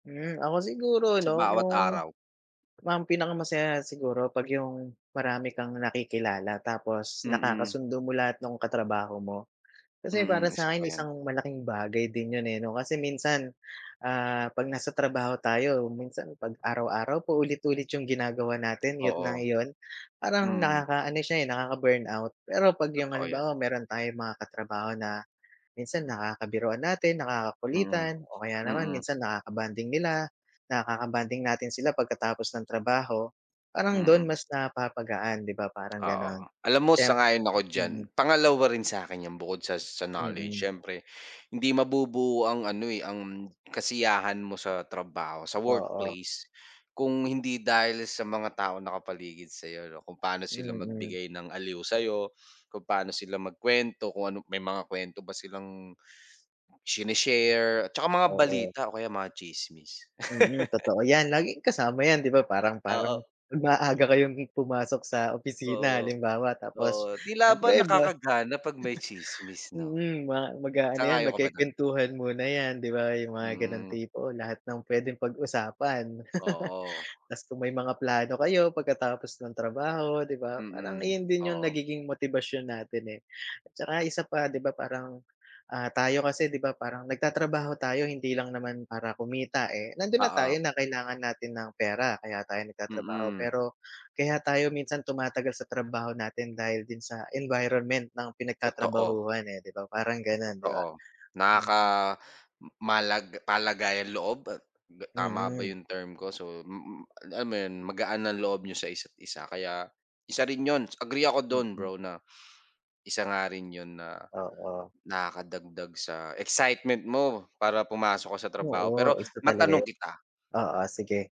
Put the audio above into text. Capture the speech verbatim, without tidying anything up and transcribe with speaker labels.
Speaker 1: Hmm, ako siguro
Speaker 2: Sa
Speaker 1: ano,
Speaker 2: bawat
Speaker 1: yung
Speaker 2: araw.
Speaker 1: mam pinaka masaya siguro pag yung, marami kang nakikilala tapos,
Speaker 2: Mm.
Speaker 1: nakakasundo mo lahat nung katrabaho mo. Kasi para
Speaker 2: Mm, isa pa
Speaker 1: sa'kin,
Speaker 2: yan.
Speaker 1: isang malaking bagay din yun eh, 'no? Kasi minsan, ah, 'pag nasa trabaho tayo, minsan 'pag araw-araw, paulit-ulit yung ginagawa natin, iyu't na
Speaker 2: Oo.
Speaker 1: iyon. Parang
Speaker 2: Mm.
Speaker 1: nakaka-ano siya eh, nakaka-burnout. Pero pag yung
Speaker 2: Totoo yan.
Speaker 1: halimbawa, meron tayong mga katrabaho na, minsan nakakabiruan natin,
Speaker 2: Mm.
Speaker 1: nakakakulitan o kaya naman
Speaker 2: Mm.
Speaker 1: minsan nakaka-bonding nila, nakaka-bonding natin sila pagkatapos ng trabaho, parang dun
Speaker 2: Mm.
Speaker 1: mas napapagaan, 'di ba? Parang ganon.
Speaker 2: Oo, alam mo
Speaker 1: Temp
Speaker 2: sang-ayon ako diyan.
Speaker 1: mm.
Speaker 2: Pangalawa rin sa'kin yan bukod sa sa knowledge,
Speaker 1: Mm.
Speaker 2: siyempre, hindi mabubuo ang ano eh, ang, kasiyahan mo sa trabaho, sa
Speaker 1: Oo.
Speaker 2: workplace, kung hindi dahil sa mga taong nakapaligid sa'yo 'no? Kung paano sila
Speaker 1: Mm.
Speaker 2: magbigay ng aliw sa'yo, kung paano sila magkwento, kung ano may mga kwento ba silang, sini-share, at saka mga
Speaker 1: Oo.
Speaker 2: balita o kaya mga tsismis.
Speaker 1: Mm, totoo yan, laging kasama yan, 'di ba parang
Speaker 2: Oo.
Speaker 1: parang maaga kayong pumasok sa opisina
Speaker 2: Oo.
Speaker 1: halimbawa, tapos,
Speaker 2: Oo, tila ba
Speaker 1: siyempre ba
Speaker 2: nakakagana pag may tsismis 'no?
Speaker 1: Mm, ma mag-aano yan,
Speaker 2: Sang-ayon ka ba do'n?
Speaker 1: magkekwentuhan muna yan, 'di ba? Yung mga ganong
Speaker 2: Hmm.
Speaker 1: tipo, lahat ng pwedeng pag usapan.
Speaker 2: Oo.
Speaker 1: Tapos kung may mga plano kayo, pagkatapos ng trabaho, 'di ba? Parang
Speaker 2: Mm,
Speaker 1: iyon din yung
Speaker 2: oo.
Speaker 1: nagiging motibasyon natin eh. At tsaka isa pa 'di ba parang, ah, tayo kasi 'di ba, parang nagtatrabaho tayo hindi lang naman para kumita eh, nandun na tayo
Speaker 2: Oo.
Speaker 1: na kailangan natin ng pera, kaya tayo nagtatrabaho
Speaker 2: Mm.
Speaker 1: pero, kaya tayo minsan tumatagal sa trabaho natin dahil din sa, environment ng
Speaker 2: Totoo.
Speaker 1: pinagtatrabahuhan eh, 'di ba? Parang ganon di ba?
Speaker 2: Totoo.
Speaker 1: Hmm.
Speaker 2: Nakaka malag palagay ang loob? Tama ba
Speaker 1: Mm.
Speaker 2: 'yong term ko? So, mm, lam mo yun, magaan ang loob n'yo sa isa't isa, kaya isa rin yun, agree ako dun
Speaker 1: Mm.
Speaker 2: bro na, isa nga rin yun na,
Speaker 1: Oo.
Speaker 2: nakakadagdag sa excitement mo, para pumasok ka sa trabaho. Pero
Speaker 1: Oo, isa talaga
Speaker 2: matanong
Speaker 1: yun.
Speaker 2: kita
Speaker 1: Oo, sige.